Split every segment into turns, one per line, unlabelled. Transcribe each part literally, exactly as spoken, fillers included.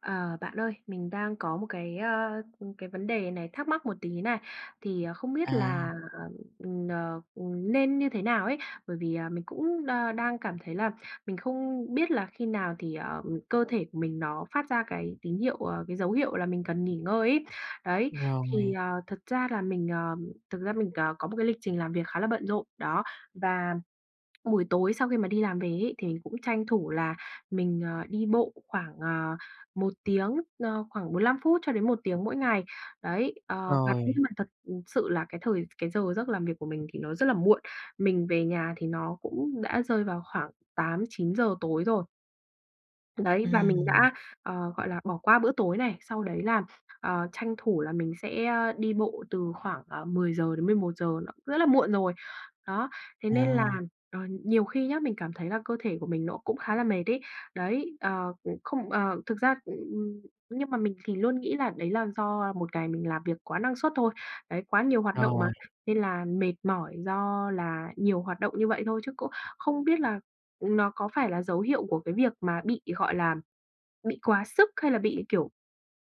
Ờ, bạn ơi, mình đang có một cái, ờ, cái vấn đề này thắc mắc một tí này. Thì không biết
À.
là, ừm, ờ, ừm, nên như thế nào ấy, bởi vì, à, mình cũng đa đang cảm thấy là mình không biết là khi nào thì, ờ, cơ thể của mình nó phát ra cái tín hiệu ờ, cái dấu hiệu là mình cần nghỉ ngơi ấy, đấy. Thì,
Rồi.
ờ, thật ra là mình, ờ thực ra mình, ờ, có một cái lịch trình làm việc khá là bận rộn, đó. Và buổi tối sau khi mà đi làm về ấy thì mìnhcũng tranh thủ là mình, ờ, đi bộ khoảng, ờ, một tiếng ờ, khoảng bốn lăm phút cho đến một tiếng mỗi ngày. Đấy, ờ, và cũng nhưng
Rồi.
mà thật sự là cái thời cái giờ giấc làm việc của mình thì nó rất là muộn, mình về nhà thì nó cũng đã rơi vào khoảng tám chín giờ tối rồi. Đấy, và mình
Ừm.
đã, ờ, gọi là, bỏ qua bữa tối này, sau đấy là, ờ, tranh thủ là mình sẽ đi bộ từ khoảng, ờ, mười giờ đến mười một giờ, nó rất là muộn rồi. Đó, thế nên à,
À.
ờ, nhiều khi nhá, mình cảm thấy là cơ thể của mình nó cũng khá là mệt ấy. Đấy, ờ, không ờ, thực ra, ừm nhưng mà mình thì luôn nghĩ là đấy là do, à, một ngày mình làm việc quá năng suất thôi, đấy, quá nhiều hoạt động mà
Rồi.
nên là mệt mỏi do là nhiều hoạt động như vậy thôi chứ cũng không biết là nó có phải là dấu hiệu của cái việc mà bị, gọi là, bị quá sức hay là bị kiểu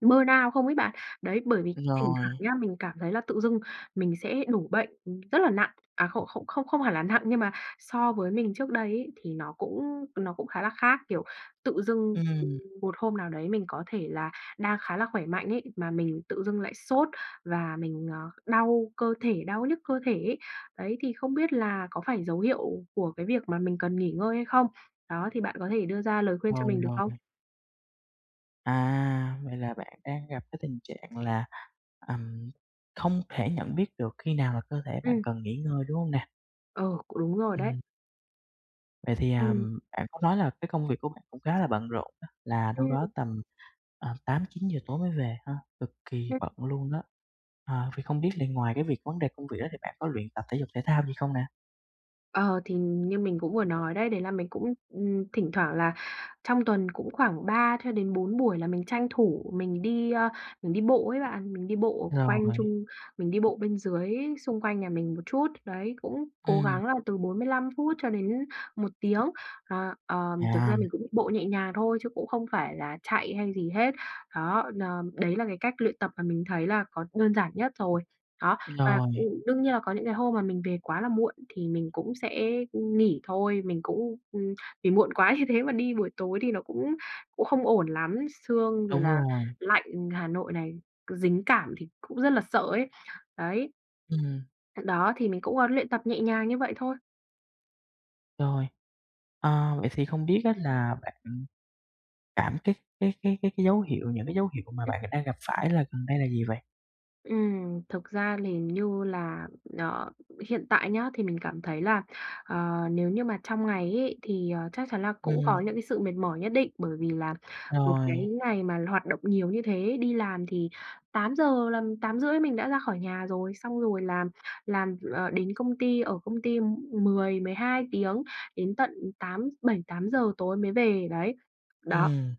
burn out không ấy bạn. Đấy, bởi vì thỉnh thoảng
Rồi.
nhá, mình cảm thấy là tự dưng mình sẽ đổ bệnh rất là nặng à, không không không không hẳn là nặng nhưng mà so với mình trước đây ấy thì nó cũng nó cũng khá là khác. Kiểu, tự dưng
Ừm.
một hôm nào đấy mình có thể là đang khá là khỏe mạnh ấy, mà mình tự dưng lại sốt và mình, ờ, đau cơ thể đau nhức cơ thể ấy. Đấy, thì không biết là có phải dấu hiệu của cái việc mà mình cần nghỉ ngơi hay không? Đó, thì bạn có thể đưa ra lời khuyên cho
Rồi,
mình được
rồi.
không?
À, vậy là bạn đang gặp cái tình trạng là, ừm, không thể nhận biết được khi nào là cơ thể bạn
Ừm.
cần nghỉ ngơi, đúng hông nè?
Ờ, cũng đúng rồi đấy.
Ừm. Vậy thì,
Ừm.
ừm, bạn có nói là cái công việc của bạn cũng khá là bận rộn á, là đâu
Ừm.
đó tầm, à, tám chín giờ tối mới về ha, cực kì
Ừm.
bận luôn đó. Ờ, vậy không biết là ngoài cái việc vấn đề công việc đó thì bạn có luyện tập thể dục thể thao gì không nè?
Ờ, thì như mình cũng vừa nói đấy, đấy là mình cũng, ừm, thỉnh thoảng là trong tuần cũng khoảng ba cho đến bốn buổi là mình tranh thủ mình đi, ơ, mình đi bộ ấy bạn, mình đi bộ quanh
Rồi.
chung mình đi bộ bên dưới xung quanh nhà mình một chút, đấy, cũng cố
Ừm.
gắng là từ bốn mươi lăm phút cho đến một tiếng. À, ờm, thực
À!
ra mình cũng bộ nhẹ nhàng thôi chứ cũng không phải là chạy hay gì hết, đó, đ ờm, đấy là cái cách luyện tập mà mình thấy là có đơn giản nhất rồi, đó. Và,
Rồi.
ừm, đương nhiên là có những cái hôm mà mình về quá là muộn thì mình cũng sẽ, ừm, nghỉ thôi, mình cũng, ừm, vì muộn quá như thế mà đi buổi tối thì nó cũng cũng không ổn lắm, sương rồi
Đúng
là
rồi.
lạnh Hà Nội này, cứ dính cảm thì cũng rất là sợ ấy, đấy.
Ừm.
Th đó, thì mình cũng, ơ, luyện tập nhẹ nhàng như vậy thôi.
Rồi. Ờ, vậy thì không biết á là bạn cảm cái cái cái cái cái dấu hiệu những cái dấu hiệu mà
Ừm.
bạn đang gặp phải là gần đây là gì vậy?
Ừm, thực ra thì như là, ờ, hiện tại nhá thì mình cảm thấy là, ờ, nếu như mà trong ngày ấy thì, ờ, chắc chắn là cũng
Ừm.
có những cái sự mệt mỏi nhất định bởi vì là một cái
Rồi.
ngày mà hoạt động nhiều như thế, đi làm thì tám giờ làm tám rưỡi mình đã ra khỏi nhà rồi, xong rồi làm làm ờ, đến công ty, ở công ty mười mười hai tiếng đến tận tám bảy tám giờ tối mới về, đấy. Đó.
Ừm.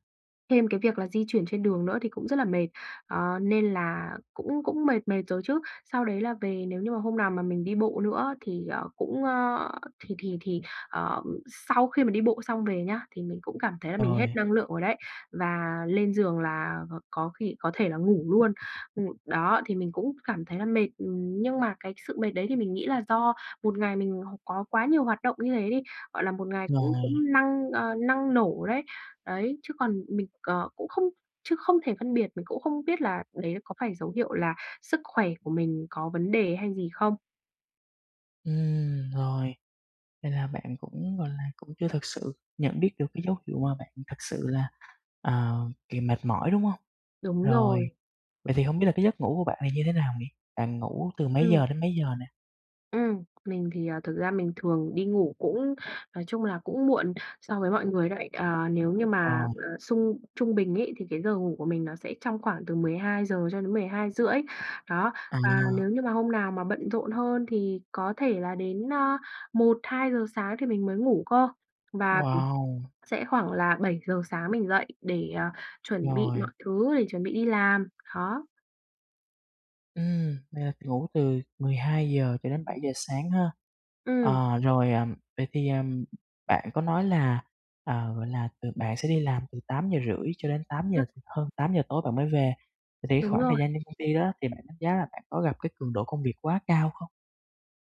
Thêm cái việc là di chuyển trên đường nữa thì cũng rất là mệt, ờ, nên là cũng cũng mệt mệt rồi chứ. Sau đấy là về, nếu như mà hôm nào mà mình đi bộ nữa á thì, ờ, cũng, á thì thì thì, ờ, sau khi mà đi bộ xong về nhá, thì mình cũng cảm thấy là mình hết
Rồi.
năng lượng rồi đấy, và lên giường là có khi có thể là ngủ luôn. Ừm, đó, thì mình cũng cảm thấy là mệt, ừm, nhưng mà cái sự mệt đấy thì mình nghĩ là do một ngày mình có quá nhiều hoạt động như thế đi, gọi là, một ngày cũng
Rồi.
cũng năng, ờ, năng nổ đấy. Đấy, chứ còn mình, ờ, cũng không chứ không thể phân biệt, mình cũng không biết là đấy là có phải dấu hiệu là sức khỏe của mình có vấn đề hay gì không.
Ừm, rồi. Nên là bạn cũng, gọi là, cũng chưa thực sự nhận biết được cái dấu hiệu mà bạn thật sự là, ờ, kỳ mệt mỏi, đúng hông?
Đúng
Rồi.
rồi.
Vậy thì hông biết là cái giấc ngủ của bạn là như thế nào nhỉ? Bạn ngủ từ mấy giờ
Ừm.
đến mấy giờ nè?
Ừm. Mình thì, ờ, thực ra mình thường đi ngủ cũng nói chung là cũng muộn so với mọi người đấy. Ờ, nếu như mà,
Rồi.
à, sung trung bình ấy, thì cái giờ ngủ của mình nó sẽ trong khoảng từ mười hai giờ cho đến mười hai rưỡi. Đó, và
À.
nếu như mà hôm nào mà bận rộn hơn thì có thể là đến, ơ, một hai giờ sáng thì mình mới ngủ cơ, và, ừm,
Wow!
sẽ khoảng là bảy giờ sáng mình dậy để, ờ, chuẩn bị
Rồi.
mọi thứ, để chuẩn bị đi làm, đó.
Ừm. Là ngủ từ mười hai giờ cho đến bảy giờ sáng ha.
Ừm.
Ờ, rồi, ờ, vậy thì, ờ, bạn có nói là, ờ, gọi là, từ bạn sẽ đi làm từ tám giờ rưỡi cho đến tám giờ hơn tám giờ tối bạn mới về. Vậy thì cái
Đúng
khoảng thời
rồi.
gian trên công ty đó thì bạn đánh giá là bạn có gặp cái cường độ công việc quá cao không?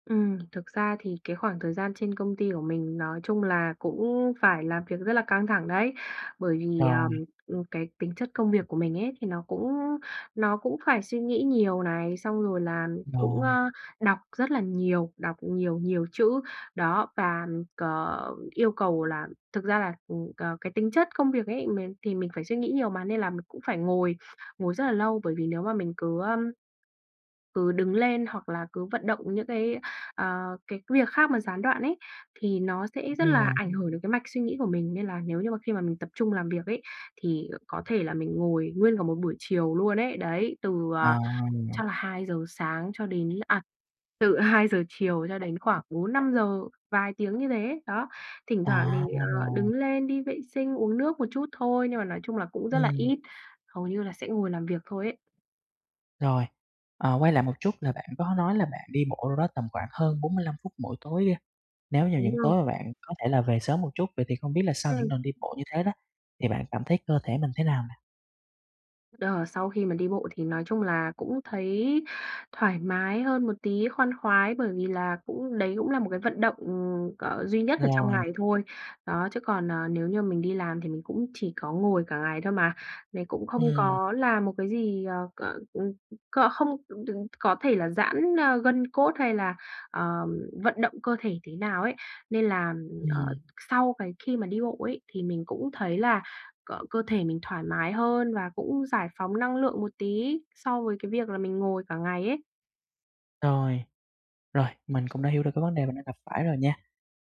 Ừm, thực ra thì cái khoảng thời gian trên công ty của mình nói chung là cũng phải làm việc rất là căng thẳng đấy. Bởi vì, à,
Rồi.
ừm, cái tính chất công việc của mình ấy thì nó cũng nó cũng phải suy nghĩ nhiều này, xong rồi là cũng,
Rồi.
ơ, đọc rất là nhiều, đọc nhiều, nhiều chữ, đó, và c yêu cầu là thực ra là, ừm, c cái tính chất công việc ấy mình thì mình phải suy nghĩ nhiều mà, nên là mình cũng phải ngồi, ngồi rất là lâu. Bởi vì nếu mà mình cứ, ơ cứ đứng lên, hoặc là cứ vận động những cái, ờ, cái việc khác mà gián đoạn ấy, thì nó sẽ rất
Đúng rồi.
là ảnh hưởng đến cái mạch suy nghĩ của mình, nên là nếu như mà khi mà mình tập trung làm việc ấy, thì có thể là mình ngồi nguyên cả một buổi chiều luôn ấy, đấy. Từ, ờ,
À!
chắc là hai giờ sáng cho đến à, từ hai giờ chiều, cho đến khoảng bốn năm giờ, vài tiếng như thế, đó. Thỉnh thoảng
À,
thì, ờ,
rồi.
đứng lên đi vệ sinh, uống nước một chút thôi, nhưng mà nói chung là cũng rất là
Ừm.
ít, hầu như là sẽ ngồi làm việc thôi ấy.
Rồi. Ờ, quay lại một chút là bạn có nói là bạn đi bộ đâu đó tầm khoảng hơn bốn mươi lăm phút mỗi tối. Nếu như
Đúng
những
rồi.
tối mà bạn có thể là về sớm một chút, vậy thì không biết là sau những
Ừm.
lần đi bộ như thế đó thì bạn cảm thấy cơ thể mình thế nào nè?
Ờ, sau khi mà đi bộ thì nói chung là cũng thấy thoải mái hơn một tí, khoan khoái bởi vì là cũng đấy cũng là một cái vận động, ừm, ờ, duy nhất ở trong
Rồi.
ngày thôi. Đó, chứ còn, ờ, nếu như mình đi làm thì mình cũng chỉ có ngồi cả ngày thôi mà, mình cũng không
Ừm.
có làm một cái gì ờ c ừm, c không đừng có thể là giãn, a, gân cốt hay là, ờ, vận động cơ thể thế nào ấy, nên là, ờ,
Ừm.
sau cái khi mà đi bộ ấy, thì mình cũng thấy là c cơ thể mình thoải mái hơn, và cũng giải phóng năng lượng một tí so với cái việc là mình ngồi cả ngày ấy.
Rồi. Rồi, mình cũng đã hiểu được cái vấn đề bạn đang gặp phải rồi nha.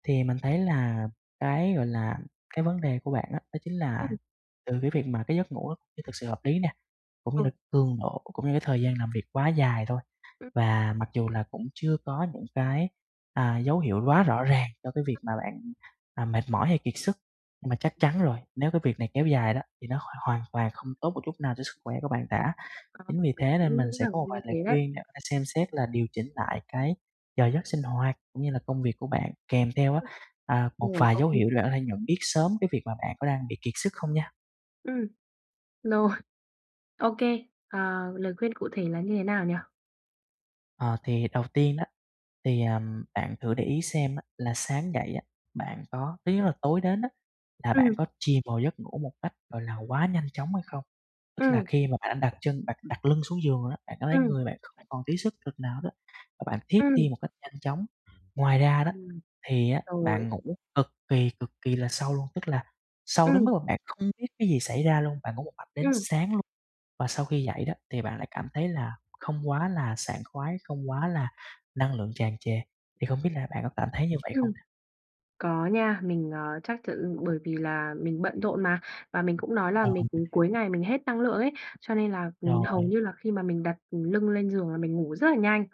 Thì mình thấy là cái, gọi là, cái vấn đề của bạn á đó chính là
Ừm.
từ cái việc mà cái giấc ngủ nó chưa thực sự hợp lý nè, cũng như
Ờ.
là cường độ cũng như cái thời gian làm việc quá dài thôi.
Ừm.
Và mặc dù là cũng chưa có những cái, à, dấu hiệu quá rõ ràng cho cái việc mà bạn, à, mệt mỏi hay kiệt sức, nhưng mà chắc chắn rồi, nếu cái việc này kéo dài đó thì nó hoàn hoàn toàn không tốt một chút nào cho sức khỏe của bạn cả.
Ờ,
Chính vì
mình
thế nên
cũng
mình
nghĩ
sẽ có
rằng
một
như
vài lời
thế đấy.
khuyên để bạn xem xét là điều chỉnh lại cái giờ giấc sinh hoạt, cũng như là công việc của bạn, kèm theo á,
Ừm,
à, một
rồi
vài
có
dấu
khi
hiệu là ở đây nhận biết sớm cái việc mà bạn có đang bị kiệt sức không nha.
Ừm. Rồi. Ô kê, ờ, lời khuyên cụ thể là như thế nào nhỉ?
Ờ, thì đầu tiên đó, thì, ờ, bạn thử để ý xem á là sáng dậy á, bạn có thứ nhất là tối đến á, là bạn
Ừm.
có chìm vào giấc ngủ một cách, gọi là, quá nhanh chóng hay không. Tức là
Ừm.
khi mà bạn đã đặt chân đặt đặt lưng xuống giường đó, bạn có thấy
Ừm.
người bạn không còn tí sức lực nào đó, và bạn thiếp đi
Ừm.
một cách nhanh chóng. Ngoài ra đó,
Ừm.
thì á
Rồi.
bạn ngủ cực kỳ cực kỳ là sâu luôn, tức là sâu đến
Ừm.
mức mà bạn không biết cái gì xảy ra luôn, bạn ngủ một mạch đến
Ừm.
sáng luôn, và sau khi dậy đó, thì bạn lại cảm thấy là không quá là sảng khoái, không quá là năng lượng tràn trề. Thì không biết là bạn có cảm thấy như vậy
Ừm.
không?
Có nha, mình, ờ, chắc ch bởi vì là mình bận rộn mà, và mình cũng nói là
Rồi,
mình
mình
cuối
hiểu.
ngày mình hết năng lượng ấy, cho nên là, ừm, hầu
Rồi.
như là khi mà mình đặt lưng lên giường là mình ngủ rất là nhanh.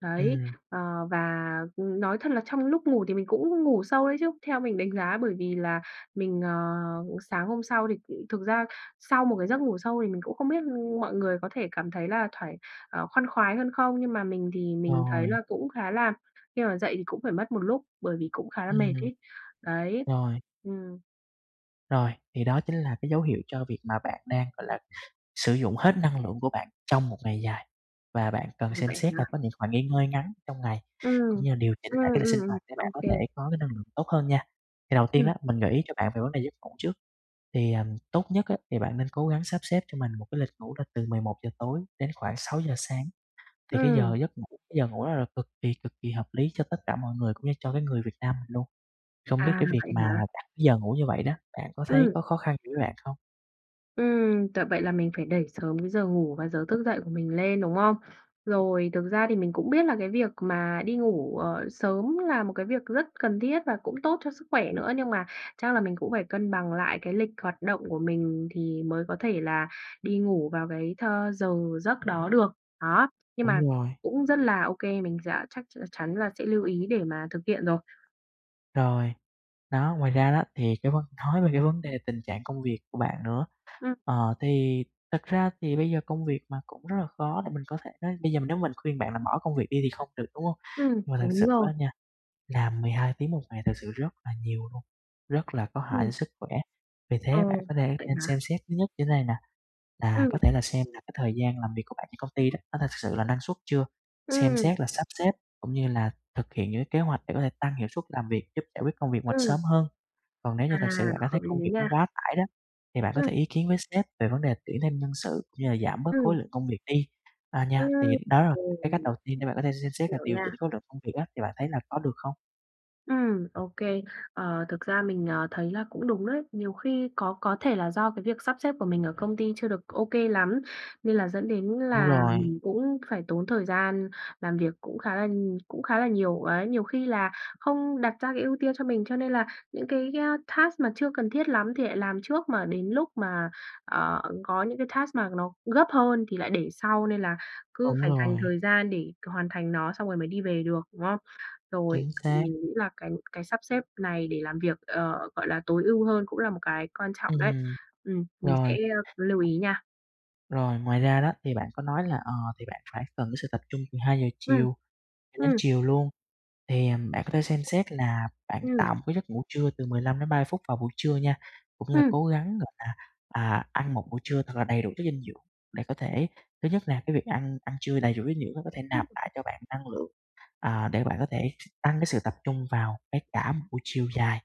Đấy,
Ừm.
ờ, và nói thật là trong lúc ngủ thì mình cũng ngủ sâu đấy chứ, theo mình đánh giá, bởi vì là mình, ờ, sáng hôm sau thì thực ra sau một cái giấc ngủ sâu thì mình cũng không biết mọi người có thể cảm thấy là thoải ờ, khoan khoái hơn không, nhưng mà mình thì mình thấy
Rồi.
là cũng khá là khi mà dậy thì cũng phải mất một lúc bởi vì cũng khá là mệt
Ừm.
ấy, đấy.
Rồi.
Ừm.
Rồi, thì đó chính là cái dấu hiệu cho việc mà bạn đang, gọi là, sử dụng hết năng lượng của bạn trong một ngày dài và bạn cần
Ừm,
xem
vậy
xét là
hả?
có những khoảng nghỉ ngơi ngắn trong ngày, cũng
Ừm,
như là điều chỉnh
ừm,
lại cái lịch sinh
ừm, ừm.
hoạt để bạn có thể
OK.
có cái năng lượng tốt hơn nha. Thì đầu tiên
Ừm.
á, mình gợi ý cho bạn về vấn đề giấc ngủ trước, thì, ờm, tốt nhất á, thì bạn nên cố gắng sắp xếp cho mình một cái lịch ngủ là từ mười một giờ tối đến khoảng sáu giờ sáng, thì cái
Ừm.
giờ giấc ngủ cái giờ ngủ đó là cực kỳ, cực kỳ hợp lý cho tất cả mọi người cũng như cho cái người Việt Nam mình luôn. Không biết
À,
cái việc
vậy
mà
hả?
đặt giờ ngủ như vậy đó, bạn có thấy
Ừm.
có khó khăn gì với bạn không?
Ừm, thật vậy là mình phải đẩy sớm cái giờ ngủ và giờ thức dậy của mình lên, đúng không? Rồi, thực ra thì mình cũng biết là cái việc mà đi ngủ, ờ, sớm là một cái việc rất cần thiết và cũng tốt cho sức khỏe nữa nhưng mà chắc là mình cũng phải cân bằng lại cái lịch hoạt động của mình thì mới có thể là đi ngủ vào cái th giờ giấc đó được. Đó, nhưng mà
Đúng rồi.
cũng rất là ô kê, mình giã chắc ch chắn là sẽ lưu ý để mà thực hiện rồi.
Rồi, đó, ngoài ra đó thì cái vấn nói về cái vấn đề tình trạng công việc của bạn nữa.
Ừm.
Ờ, thì thật ra thì bây giờ công việc mà cũng rất là khó để mình có thể bây giờ nếu mà mình khuyên bạn là bỏ công việc đi thì không được, đúng hông?
Ừm,
Nhưng mà thực sự
đúng rồi.
á nha, làm mười hai tiếng một ngày thật sự rất là nhiều luôn, rất là có hại
Ừm.
sức khỏe, vì
Ờ,
thế bạn có thể
vậy
nên xem
hả?
xét thứ nhất như thế này nè, là
Ừm.
có thể là xem lại cái thời gian làm việc của bạn trên công ty đó, có thực sự là năng suất chưa? Xem
Ừm.
xét là sắp xếp cũng như là thực hiện những cái kế hoạch để có thể tăng hiệu suất làm việc, giúp giải quyết công việc ngoạch
Ừm.
sớm hơn. Còn nếu như
À,
thực sự bạn cảm
hợp
thấy
lý
công việc nó
nha.
quá tải đó, thì bạn có
Ừm.
thể ý kiến với sếp về vấn đề tuyển thêm nhân sự như là giảm bớt khối
Ừm.
lượng công việc đi, a, nha. Thì
Ừm,
đó là cái
ừm.
cách đầu tiên để bạn có thể xem xét và
Hiểu
điều chỉnh
nha.
khối lượng công việc á, thì bạn thấy là có được không?
Ừm, ô kê. Ờ, thực ra mình, ờ, thấy là cũng đúng đấy. Nhiều khi có có thể là do cái việc sắp xếp của mình ở công ty chưa được ô kê lắm, nên là dẫn đến
Đúng
là
rồi.
mình cũng phải tốn thời gian làm việc cũng khá là cũng khá là nhiều. Ấy, nhiều khi là không đặt ra cái ưu tiên cho mình, cho nên là những cái, a, task mà chưa cần thiết lắm thì lại làm trước. Mà đến lúc mà, ờ, có những cái task mà nó gấp hơn thì lại để sau nên là cứ
Đúng
phải dành
rồi.
thời gian để hoàn thành nó, xong rồi mới đi về được, đúng không? Rồi,
Chính xác.
mình nghĩ là cái cái sắp xếp này để làm việc, ờ, gọi là, tối ưu hơn cũng là một cái quan trọng đấy.
Ừm.
Ừm, mình sẽ
Rồi.
lưu ý nha.
Rồi, ngoài ra đó, thì bạn có nói là, ờ, thì bạn phải cần cái sự tập trung, từ hai giờ
Ừm.
chiều cho đến
Ừm.
chiều luôn. Thì, à, bạn có thể xem xét là bạn
Ừm.
tạo một cái giấc ngủ trưa từ mười lăm đến ba mươi phút vào buổi trưa nha, cũng như là
Ừm.
cố gắng, gọi là, à, ăn một bữa trưa thật là đầy đủ chất dinh dưỡng để có thể thứ nhất là cái việc ăn ăn trưa đầy đủ dinh dưỡng á có thể
Ừm.
nạp lại cho bạn năng lượng, à, để bạn có thể tăng cái sự tập trung vào cái cả một buổi chiều dài.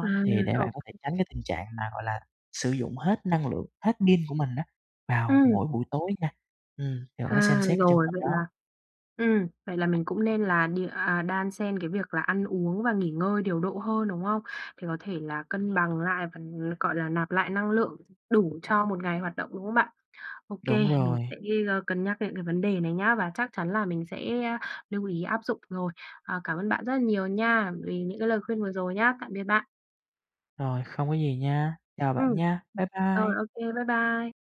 À,
thì để bạn
ô
có thể tránh cái tình trạng mà, gọi là, sử dụng hết năng lượng, hết pin của mình á vào
Ừm.
mỗi buổi tối nha. Ừm, thì bạn có thể xem
À,
xét cái trường
rồi,
hợp
vậy
đó.
là ừm, vậy là mình cũng nên là đi à, đan xen cái việc là ăn uống và nghỉ ngơi điều độ hơn, đúng không? Để có thể là cân bằng lại và, gọi là, nạp lại năng lượng, đủ cho một ngày hoạt động, đúng không bạn? Ô
Đúng
kê, mình
rồi.
sẽ, a, cân nhắc đến cái vấn đề này nhá, và chắc chắn là mình sẽ lưu ý áp dụng rồi. Ờ, cảm ơn bạn rất là nhiều nha vì những cái lời khuyên vừa rồi nhá. Tạm biệt bạn!
Rồi, không có gì nha. Chào
Ừm.
bạn nha! Bye
Rồi,
bye!
ô kê, bye bye!